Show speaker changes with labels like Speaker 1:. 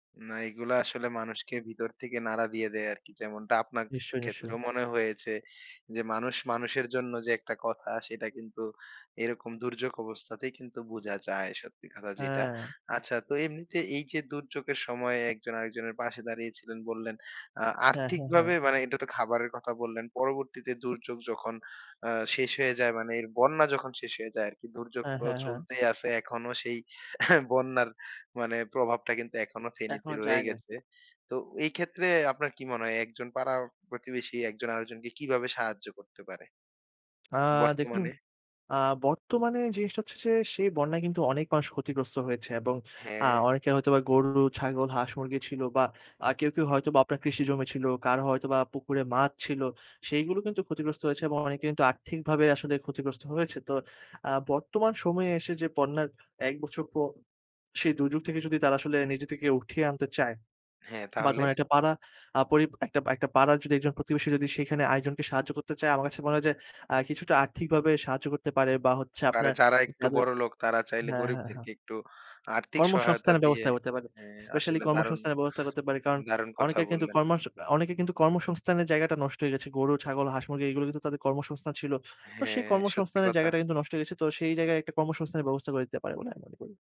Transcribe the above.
Speaker 1: না, এগুলা আসলে মানুষকে ভিতর থেকে নাড়া দিয়ে দেয় আরকি। যেমনটা আপনার
Speaker 2: নিশ্চয়ই, নিশ্চয়ই।
Speaker 1: ক্ষেত্রেও মনে হয়েছে, যে, মানুষ মানুষের জন্য যে, একটা কথা, সেটা কিন্তু এরকম দুর্যোগ অবস্থাতেই কিন্তু বুঝা যায়, সত্যি কথা যেটা।
Speaker 2: হ্যাঁ।
Speaker 1: আচ্ছা, তো এমনিতে এই যে, দুর্যোগের সময় একজন আরেকজনের পাশে দাঁড়িয়েছিলেন বললেন, আ
Speaker 2: হ্যাঁ, হ্যাঁ, হ্যাঁ।
Speaker 1: আর্থিকভাবে মানে এটা তো খাবারের কথা বললেন। পরবর্তীতে দুর্যোগ যখন আ শেষ হয়ে যায়, মানে বন্যা যখন শেষ হয়ে যায় আরকি দুর্যোগ
Speaker 2: হ্যাঁ,
Speaker 1: তো
Speaker 2: হ্যাঁ, হ্যাঁ।
Speaker 1: চলতেই আসে, এখনো সেই বন্যার মানে প্রভাবটা কিন্তু এখনো ফেনীতে
Speaker 2: এখনো
Speaker 1: রয়ে
Speaker 2: যায়নি।
Speaker 1: গেছে। তো এই ক্ষেত্রে আপনার কি মনে হয়, একজন পাড়া প্রতিবেশী একজন আরেকজনকে কিভাবে সাহায্য করতে পারে?
Speaker 2: আ দেখুন
Speaker 1: বর্তমানে?
Speaker 2: আ বর্তমানে জিনিসটা হচ্ছে যে, সেই বন্যায় কিন্তু অনেক মানুষ ক্ষতিগ্রস্ত হয়েছে, এবং আ
Speaker 1: হ্যাঁ।
Speaker 2: অনেকে হয়তো বা গরু, ছাগল হাঁস মুরগি ছিল, বা আ কেউ, কেউ হয়তোবা আপনার কৃষি জমি ছিল, কারো হয়তোবা পুকুরে মাছ ছিল। সেগুলো কিন্তু ক্ষতিগ্রস্ত হয়েছে, এবং অনেকে কিন্তু আর্থিকভাবে আসলে ক্ষতিগ্রস্ত হয়েছে। তো আ বর্তমান সময়ে এসে যে, বন্যার এক বছর পর সেই দুর্যোগ থেকে যদি তারা আসলে নিজে থেকে উঠিয়ে আনতে চায়
Speaker 1: হ্যাঁ,
Speaker 2: বা
Speaker 1: তাহলে?
Speaker 2: ধরেন একটা পাড়া আ পরি একটা, একটা পাড়ার যদি একজন প্রতিবেশী যদি সেখানে আরেকজনকে সাহায্য করতে চায়, আমার কাছে মনে হয় যে, আ কিছুটা আর্থিকভাবে সাহায্য করতে পারে বা হচ্ছে
Speaker 1: আরে
Speaker 2: আপনার
Speaker 1: যারা একটু
Speaker 2: যাদের
Speaker 1: বড়লোক তারা চাইলে
Speaker 2: হ্যাঁ, হ্যাঁ, হ্যাঁ।
Speaker 1: গরিবদেরকে একটু আর্থিক সহায়তা
Speaker 2: কর্মসংস্থানের
Speaker 1: দিয়ে
Speaker 2: ব্যবস্থা করতে পারে।
Speaker 1: হ্যাঁ,
Speaker 2: স্পেশালী
Speaker 1: আসলে দারুণ
Speaker 2: কর্মসংস্থানের ব্যবস্থা করতে পারে। কারণ
Speaker 1: দারুণ কথা
Speaker 2: অনেকে কিন্তু
Speaker 1: বললেন।
Speaker 2: কর্মসং অনেকে কিন্তু কর্মসংস্থানের জায়গাটা নষ্ট হয়ে গেছে। গরু, ছাগল হাঁস মুরগি এগুলো কিন্তু তাদের কর্মসংস্থান ছিল। তো সেই
Speaker 1: হ্যাঁ, সত্যি
Speaker 2: কর্মসংস্থানের
Speaker 1: কথা।
Speaker 2: জায়গাটা কিন্তু নষ্ট হয়ে গেছে। তো সেই জায়গায় একটা কর্মসংস্থানের ব্যবস্থা করে দিতে পারে বলে আমি মনে করি।